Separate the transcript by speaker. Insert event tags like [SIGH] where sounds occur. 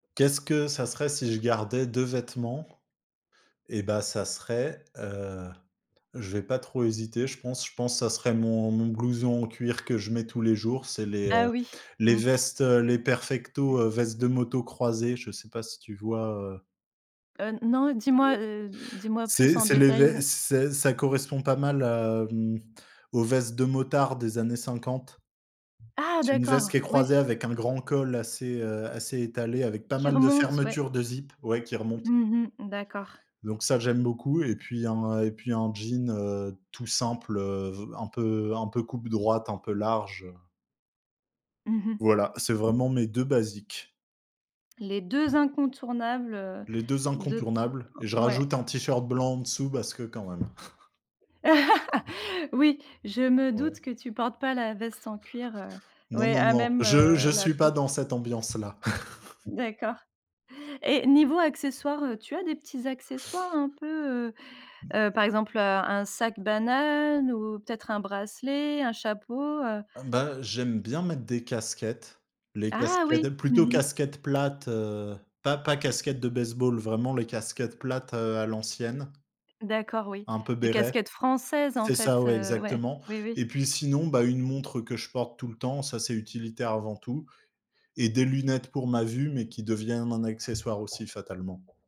Speaker 1: Qu'est-ce que ça serait si je gardais 2 vêtements? Eh, bah, ça serait, heu, je vais pas trop hésiter. Je pense je pense, ça serait mon mon blouson en cuir que je mets tous les jours. C'est les
Speaker 2: Ah,
Speaker 1: heu,
Speaker 2: oui.
Speaker 1: les
Speaker 2: Mmh.
Speaker 1: vestes, heu, les perfectos, heu, vestes de moto croisées, je sais pas, si tu vois, heu?
Speaker 2: Heu, non, dis-moi, heu,
Speaker 1: [UNINTELLIGIBLE]
Speaker 2: dis-moi plus
Speaker 1: C'est
Speaker 2: en
Speaker 1: c'est les
Speaker 2: détail, ouais.
Speaker 1: ves c'est ça correspond pas mal à, hem, aux vestes de motards des années 50.
Speaker 2: Ah,
Speaker 1: C'est une veste
Speaker 2: d'accord,
Speaker 1: qui est
Speaker 2: oui.
Speaker 1: croisée avec un grand col assez, heu, assez étalé, avec pas
Speaker 2: Qui
Speaker 1: mal de
Speaker 2: remonte, ouais.
Speaker 1: fermetures de zip, ouais, qui remontent.
Speaker 2: Mmh mh. D'accord.
Speaker 1: Donc ça, j'aime beaucoup et puis un et puis un jean, heu, tout simple, heu, v un peu un peu coupe droite, un peu large.
Speaker 2: Mmh mh.
Speaker 1: Voilà, c'est vraiment mes 2 basiques.
Speaker 2: Les 2 incontournables, heu,
Speaker 1: Les 2
Speaker 2: de t
Speaker 1: incontournables et je
Speaker 2: ouais.
Speaker 1: rajoute un t-shirt blanc en dessous parce que quand même. [CHUCKLES]
Speaker 2: [LAUGHS]
Speaker 1: Non.
Speaker 2: Oui, je me doute
Speaker 1: Ouais.
Speaker 2: que tu portes pas la veste en cuir, heu,
Speaker 1: Non,
Speaker 2: ouais,
Speaker 1: non,
Speaker 2: à
Speaker 1: non,
Speaker 2: même,
Speaker 1: je je
Speaker 2: heu, la
Speaker 1: suis pas
Speaker 2: peau.
Speaker 1: dans cette ambiance-là. [CHUCKLES]
Speaker 2: D'accord et niveau accessoires, heu, tu as des petits accessoires un peu, heu heu, par exemple, heu, un sac banane ou peut-être un bracelet, un chapeau, heu?
Speaker 1: Ben, j'aime bien mettre des casquettes, les
Speaker 2: Ah oui!
Speaker 1: casquettes,
Speaker 2: Mmh
Speaker 1: plutôt
Speaker 2: mh.
Speaker 1: casquettes plates, heu, pas pas casquettes de base-ball, vraiment les casquettes plates, heu, à l'ancienne
Speaker 2: D'accord, oui,
Speaker 1: un peu
Speaker 2: les
Speaker 1: béret.
Speaker 2: casquettes françaises, en
Speaker 1: C'est
Speaker 2: fait,
Speaker 1: ça, ouais,
Speaker 2: heu, ouais.
Speaker 1: exactement
Speaker 2: Oui, oui.
Speaker 1: et puis, sinon, bah, une montre que je porte tout le temps. Ça, c'est utilitaire avant tout et des lunettes pour ma vue mais qui deviennent un accessoire aussi, fatalement.